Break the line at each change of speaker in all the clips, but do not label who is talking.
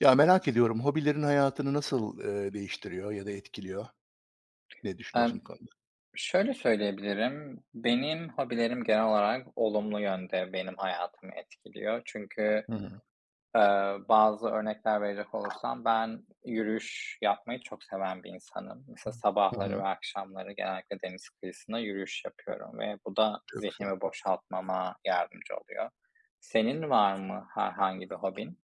Ya, merak ediyorum, hobilerin hayatını nasıl, eee, değiştiriyor ya da etkiliyor? Ne düşünüyorsun
Emm,
bu konuda?
şöyle söyleyebilirim: Benim hobilerim genel olarak olumlu yönde benim hayatımı etkiliyor. Çünkü,
Hı hı.
eee, bazı örnekler verecek olursam ben yürüyüş yapmayı çok seven bir insanım. Mesela
Hı
sabahları
hı.
ve akşamları genellikle deniz kıyısında yürüyüş yapıyorum ve bu da
Çok güzel.
zihnimi boşaltmama yardımcı oluyor. Senin var mı herhangi bir hobin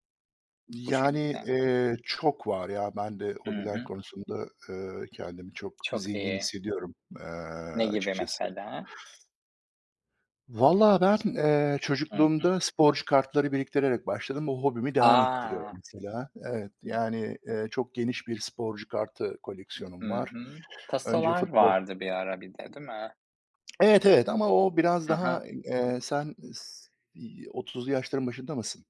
bu
Yani,
şekilde?
eee, çok var ya. Ben de
Hı
hobiler
hı.
konusunda, eee, kendimi çok
Çok
zengin
iyi.
hissediyorum, eee,
Ne gibi
açıkçası.
mesela?
Valla ben, eee,
Hı hı.
çocukluğumda sporcu kartları biriktirerek başladım. O hobimi
A!
devam ettiriyorum mesela. Evet,
Iıı
yani, eee, çok geniş bir sporcu kartı koleksiyonum
Hı
var.
hı.
Önce
Tasolar
futbol
vardı bir ara bir de, değil mi?
Evet, evet ama o biraz
Hı hı.
daha, eee, sen si 30'lu yaşların başında mısın?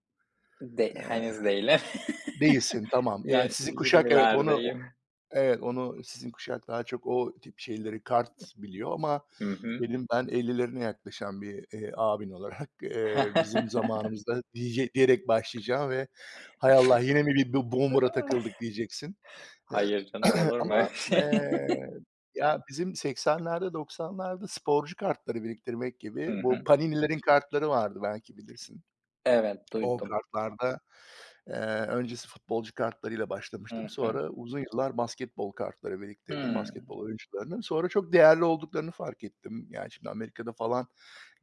De
Eee,
henüz değilim.
değilsin. Tamam. Yani,
Yok
sizin kuşak, evet, onu o
20'lerdeyim.
evet, onu sizin kuşak daha çok o tip şeyleri kart biliyor ama
Hı hı.
benim ben 50'lerine yaklaşan bir, eee, abin olarak, eee, bizim zamanımızda, dije diyerek başlayacağım ve, "Hay Allah, yine mi bir b boomer'a takıldık?" diyeceksin. Eee,
Hayır, canım. Olur mu öyle
ama,
şey?
eee, ya bizim 80'lerde 90'larda sporcu kartları biriktirmek
Hı
gibi. Bu
hı.
Panini'lerin kartları vardı, belki bilirsin.
Evet,
O
duydum.
kartlarda, eee, öncesi futbolcu kartlarıyla başlamıştım.
Hı hı.
Sonra uzun yıllar basketbol kartları biriktirdim
Hımm.
basketbol oyuncularının. Sonra çok değerli olduklarını fark ettim. Yani şimdi Amerika'da falan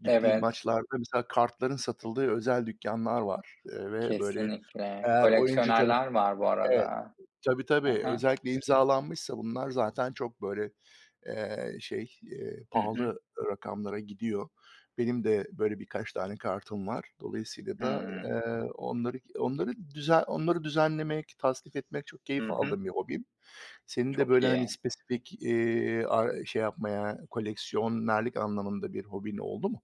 gittiğim
Evet.
maçlarda mesela kartların satıldığı özel dükkânlar var. Eee, ve, böyle,
Kesinlikle.
eğer oyuncu tarafı
Koleksiyonerler var bu
Evet,
arada.
tabii
Hı
tabii.
hı.
Özellikle imzalanmışsa bunlar zaten çok, böyle, eee, şey, eee,
Hı hı.
pahalı rakamlara gidiyor. Benim de böyle birkaç tane kartım var. Dolayısıyla da,
Hımm.
eee, onları k onları düze onları düzenlemek, tasnif etmek çok
Hı
keyif
hı.
aldığım bir hobim. Senin de
Çok
böyle, hani,
iyi.
spesifik, iii, ar şey yapmaya, koleksiyonerlik anlamında bir hobin oldu mu?